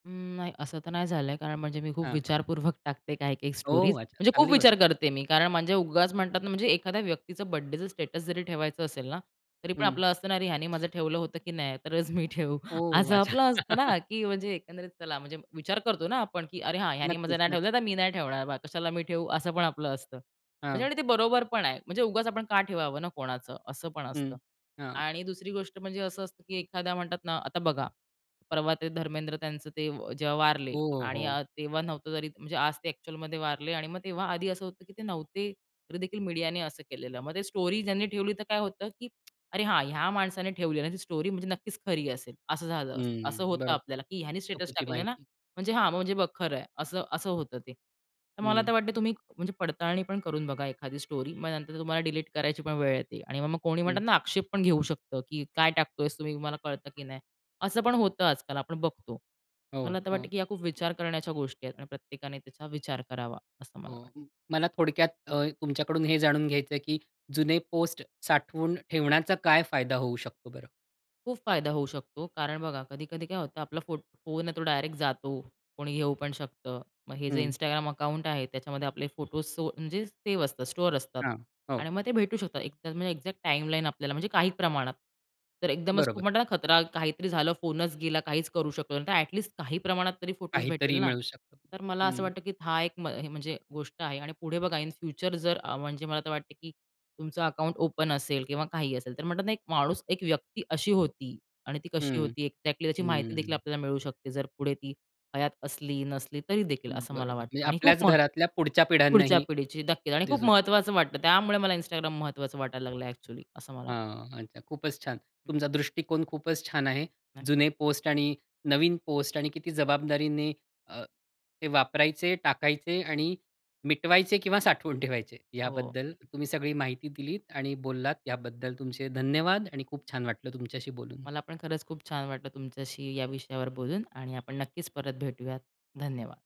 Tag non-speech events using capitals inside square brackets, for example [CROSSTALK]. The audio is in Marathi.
उम्म, नाही, असं तर नाही झालंय. कारण म्हणजे मी खूप हां. विचारपूर्वक टाकते. काही-काही स्टोरीज ओह! अच्छा, म्हणजे खूप चांगली गोष्ट. विचार करते मी. कारण म्हणजे उगाच म्हणतात ना म्हणजे एखाद्या व्यक्तीचं बर्थडेचं स्टेटस जरी ठेवायचं असेल ना, तरी पण हं. आपलं असतं ना, "अरे, ह्याने माझं ठेवलं होतं की नाही? तरच मी ठेवू." ओह! असं अच्छा. आपलं असतं ना [LAUGHS] की म्हणजे एकंदरीत चला म्हणजे विचार करतो ना आपण, की "अरे, हां, ह्यानी माझं नक्कीच, नाही नक्की. ठेवलं, तर मी नाही ठेवणार बा. कशाला मी ठेवू." असं पण आपलं असतं. म्हणजे हां. आणि ते बरोबर पण आहे. म्हणजे उगाचच आपण का ठेवावं ना कोणाचं? असं पण हं, असतं हां. आणि दुसरी गोष्ट म्हणजे असं असतं की एखाद्या म्हणतात ना आता बघा. परवा ते धर्मेंद्र त्यांचं ते अ, जेव्हा वारले हो, आणि हो. अ, तेव्हा नव्हतं तरी म्हणजे आज ते अ‍ॅक्चुअलमध्ये वारले आणि मग तेव्हा आधी असं होतं, की ते नव्हते. तरीदेखील मीडियाने असं केलेलं. मग ते स्टोरी ज्यांनी ठेवली, तर काय होतं, की [TSK] "अरे, हां, ह्या माणसाने ठेवली आणि ती स्टोरी म्हणजे नक्कीच खरी असेल." असं झालं, असं हं. होतं बरोबर, आपल्याला, की "ह्यानी स्टेटस चुकीची टाकलं ना. माहिती. म्हणजे हां, म्हणजे बघ खरंय." असं-असं होतं ते. तर मला आता हं. वाटतं तुम्ही म्हणजे पडताळणी पण करून बघा एखादी स्टोरी. मग नंतर तुम्हाला डिलीट करायची पण वेळ येते आणि मग कोणी म्हणतात हं. ना, आक्षेप पण घेऊ शकतं की काय टाकतोय [UNINTELLIGIBLE] तुम्हाला कळतं की नाही? असं पण होतं आजकाल आपण बघतो. मला हो, तर वाटतं हो. की ह्या खूप विचार करण्याच्या गोष्टी आहेत आणि प्रत्येकाने त्याचा विचार करावा असं मला वाटतं. हो, म मला थोडक्यात अ, तुमच्याकडून हे जाणून घ्यायचंय की जुने पोस्ट साठवून ठेवण्याचा काय फायदा होऊ शकतो बरं? खूप फायदा होऊ शकतो. कारण बघा कधी-कधी काय होतं, आपला फो फोन आहे तो डायरेक्ट जातो. कोणी घेऊ पण शकतं. मग हे जे हं. Instagram अकाउंट आहे, त्याच्यामध्ये आपले फोटोज सो म्हणजे सेव्ह असतात, स्टोअर असतात हां. हो. आणि मग ते भेटू शकतात. [UNINTELLIGIBLE] म्हणजे अ‍ॅक्झॅक्ट टाईमलाईन आपल्याला म्हणजे काही प्रमाणात. तर एकदमच बरोबर. म्हणतात ना खतरा काहीतरी झालं, फोनच गेला, काहीच करू शकलो नाही, तर अ‍ॅटलिस्ट काही प्रमाणात तरी फोटोज भेटतील काहीतरी ना. मिळू शकतं. तर मला असं हं. वाटतं की हा एक म्ह म्हणजे गोष्ट आहे आणि पुढे बघा इन फ्युचर जर म्हणजे मला तर वाटतं की तुमचं अकाउंट ओपन असेल किंवा काहीही असेल, तर म्हणतात ना एक माणूस, एक व्यक्ती अशी होती आणि ती कशी हं, होती अ‍ॅक्झॅक्टली त्याची माहितीदेखील हं. आपल्याला मिळू शकते. जर पुढे ती हयात असली नसली तरीदेखील असं बरोबर मला म्हणजे वाटतं आणि आपल्याच खूप म घरातल्या पुढच्या पुढच्या पिढ्यांनाही पिढीची नक्कीच आणि खूप दिसू महत्त्वाचं वाटतं. त्यामुळे मला Instagram महत्त्वाचं वाटायला लागलंय अ‍ॅक्चुअली असं मला वाटतं. हां. अच्छा, खूपच छान. हं. तुमचा दृष्टिकोन खूपच छान आहे. नाही. जुने पोस्ट आणि नवीन पोस्ट आणि किती जबाबदारीने अ, ते वापरायचे, टाकायचे आणि मिटवायचे किंवा साठवून ठेवायचे. हो. याबद्दल तुम्ही सगळी माहिती दिलीत आणि बोललात याबद्दल तुमचे धन्यवाद आणि खूप छान वाटलं तुमच्याशी बोलून. मला पण खरंच खूप छान वाटलं तुमच्याशी या विषयावर बोलून आणि आपण नक्कीच परत भेटूयात. धन्यवाद.